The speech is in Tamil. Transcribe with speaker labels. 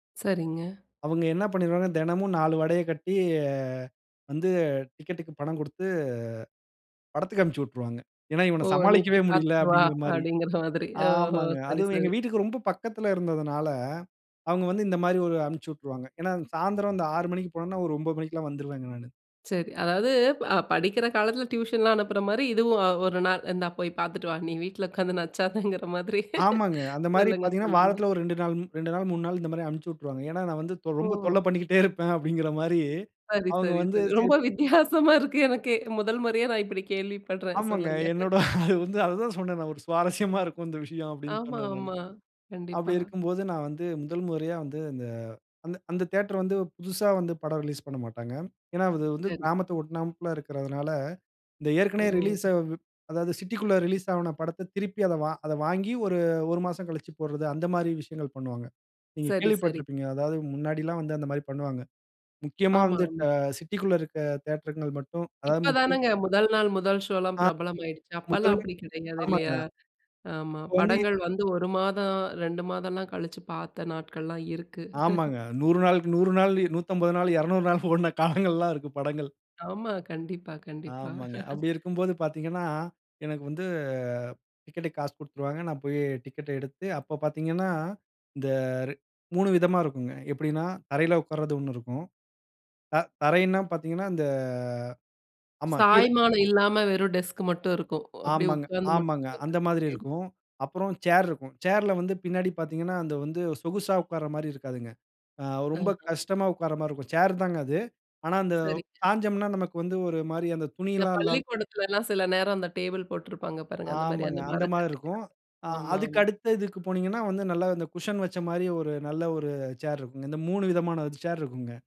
Speaker 1: சரிங்க.
Speaker 2: அவுங்க என்ன பண்ணிருவாங்க தினமும் 4 வடையை கட்டி அ வந்து டிக்கெட்க்கு பணம் கொடுத்து, படத்துக்கு அனுப்பிச்சி உட்ருவாங்க. ஏன்னா இவன
Speaker 1: ஓ நீ
Speaker 2: சமாளிக்கவே
Speaker 1: போய்
Speaker 2: முடியல.
Speaker 1: பார்த்துட்டு வா
Speaker 2: அப்டிங்கற மாரி.
Speaker 1: அப்டின்கிற மாதிரி. ஓஹோ!
Speaker 2: ஆமாங்க.
Speaker 1: சரி,
Speaker 2: அதுவும் எங்க
Speaker 1: சரி.
Speaker 2: வீட்டுக்கு ரொம்ப பக்கத்தில இருந்ததுனால அவுங்க வந்து இந்த மாரி ஒரு அனுப்ச்சு விட்ருவாங்க. ஏன்னா சாயந்திரம் 6 மணிக்கு போனோம்னா ஒரு 9 மணிக்கெல்லாம் வந்துருவேங்க நானு.
Speaker 1: சரி, அதாவது அ படிக்கிற காலத்துல டியூஷன்லாம் அனுப்புற மாரி, இதுவும் ஒரு நாள் இந்தா போய் பார்த்துட்டு வா. நீ வீட்ல உட்கார்ந்து நச்சாதங்கிற மாதிரி.
Speaker 2: ஆமாங்க. அந்த மாரி
Speaker 1: சொல்லுங்க
Speaker 2: பார்த்தீங்கன்னா,
Speaker 1: சொல்லுங்க.
Speaker 2: வாரத்தில் ஒரு 2 நாள், 2 நாள் 3 நாள், இந்த மாதிரி அனுப்புச்சுட்ருவாங்க. ஏன்னா நான் வந்து
Speaker 1: ஓ.
Speaker 2: ரொம்ப தொல்லபண்ணிக்கிட்டே இருப்பேன் அப்டிங்கிற மாரி
Speaker 1: சரி,
Speaker 2: அவங்க
Speaker 1: சரி,
Speaker 2: வந்து
Speaker 1: சரி.
Speaker 2: சரி
Speaker 1: ரொம்ப வித்தியாசமா இருக்கு எனக்கே. முதல் முறையா நான் இப்டி கேள்விப்பட்றேன்
Speaker 2: ஆமாங்க.
Speaker 1: சொல்லுங்க.
Speaker 2: என்னோட அது வந்து அதுதான் சொன்னேன் நான். ஒரு சுவாரஸ்யமா இருக்கும் இந்த விஷயம் அப்டின்னு
Speaker 1: ஆமா,
Speaker 2: சொன்னேன் நானு.
Speaker 1: ஆமா.
Speaker 2: அப்டி
Speaker 1: கண்டிப்பா.
Speaker 2: இருக்கும்போது நான் வந்து, முதல் முறையா வந்து இந்த அந்த தியேட்டர் வந்து புதிசா வந்து படம் ரிலீஸ் பண்ணமாட்டாங்க. ஏன்னா, அது வந்து
Speaker 1: சரி.
Speaker 2: கிராமத்த ஒட்டுநாபிள இருக்கிறதனால இந்த ஏற்கனவே ரிலீஸ்
Speaker 1: ஒ!
Speaker 2: அ அதாவது சிட்டிக்குள்ள ரிலீஸ் ஆன படத்த திருப்பி அத அத வாங்கி ஒரு ஒரு மாசம் கழிச்சு போட்றது அந்த மாதிரி விஷயங்கள் பண்ணுவாங்க. நீங்க
Speaker 1: சரி, சரி.
Speaker 2: கேள்விப்பட்டிருப்பீங்க. அதாவது முன்னாடி எல்லாம் வந்து அந்த மாரி பண்ணுவாங்க. முக்கியமா
Speaker 1: ஆமா.
Speaker 2: வந்து சிட்டி க்குள்ள இருக்க தியேட்டர்ங்க மட்டும் அதாவது
Speaker 1: இப்ப
Speaker 2: ம்
Speaker 1: தானேங்க முதல் நாள் முதல் ஷோலாம்
Speaker 2: ஆ.
Speaker 1: பிரபலமாயிடுச்சு. அப்போலாம்
Speaker 2: முதல்ல
Speaker 1: அப்டி கிடையாது
Speaker 2: ஆமாங்க
Speaker 1: இல்லையா? ஆமா,
Speaker 2: இப்போ வந்து
Speaker 1: படங்கள் வந்து 1 மாதம் 2 மாதம்லாம் கழிச்சு பார்த்த நாட்கள்லாம் இருக்கு.
Speaker 2: ஆமாங்க. 100 நாள்கு 100 நாள், 150 நாள், 200 நாள் ஓடின காலங்கள் எல்லாம் இருக்கு படங்கள்.
Speaker 1: ஆமா, கண்டிப்பா, கண்டிப்பா.
Speaker 2: ஆமாங்க. அப்டி இருக்கும்போது பார்த்தீங்கன்னா, எனக்கு வந்து டிக்கெட்க்கு காசு குடுத்துருவாங்க. நான் போய் டிக்கெட் எடுத்து அப்ப பார்த்தீங்கன்னா, இந்த 3 விதமா இருக்குங்க. எப்டின்னா தரையில உக்கார்றது ஒண்ணு இருக்கும். ஆ த தரைன்னா பார்த்தீங்கன்னா அந்த ஆமா கீழ
Speaker 1: சாய்மானம் இல்லாம வெறும் டெஸ்க் மட்டும் இருக்கும். அப்டியே
Speaker 2: ஆமாங்க,
Speaker 1: உட்கார்ந்து மட்டும்
Speaker 2: ஆமாங்க.
Speaker 1: பார்த்து.
Speaker 2: அந்த மாதிரி
Speaker 1: சரி.
Speaker 2: இருக்கும். அப்புறம் சேர் இருக்கும். சேர்ல வந்து பின்னாடி பார்த்தீங்கன்னா அது வந்து சொகுசா உட்கார்ற மாதிரி இருக்காதுங்க. ஆ ரொம்ப
Speaker 1: ஆஹ.
Speaker 2: கஷ்டமா உட்கார்ற மாரி இருக்கும். சேர்தாங்க அது. ஆனா அந்த
Speaker 1: சரிங்க.
Speaker 2: சாய்ஞ்சோம்ன்னா நமக்கு வந்து ஒரு மாரி அந்த
Speaker 1: இந்த
Speaker 2: துணில்லாம் இல்லாம.
Speaker 1: பள்ளிக்கூடத்துலலாம் சில நேரம் அந்த டேபிள் போட்டிருப்பாங்க பாருங்க. அந்த மாரி
Speaker 2: ஆமாங்க
Speaker 1: அந்த
Speaker 2: அந்த மாரி
Speaker 1: மரக்கட்டைல.
Speaker 2: இருக்கும்.
Speaker 1: ஆமா,
Speaker 2: அதுக்கு
Speaker 1: ஆமா.
Speaker 2: அடுத்து இதுக்கு போனீங்கன்னா வந்து இந்த குஷன் வச்ச மாரி ஒரு நல்ல ஒரு சேர் இருக்கும்ங்க. இந்த மூணு விதமான சேர் இருக்கும்ங்க.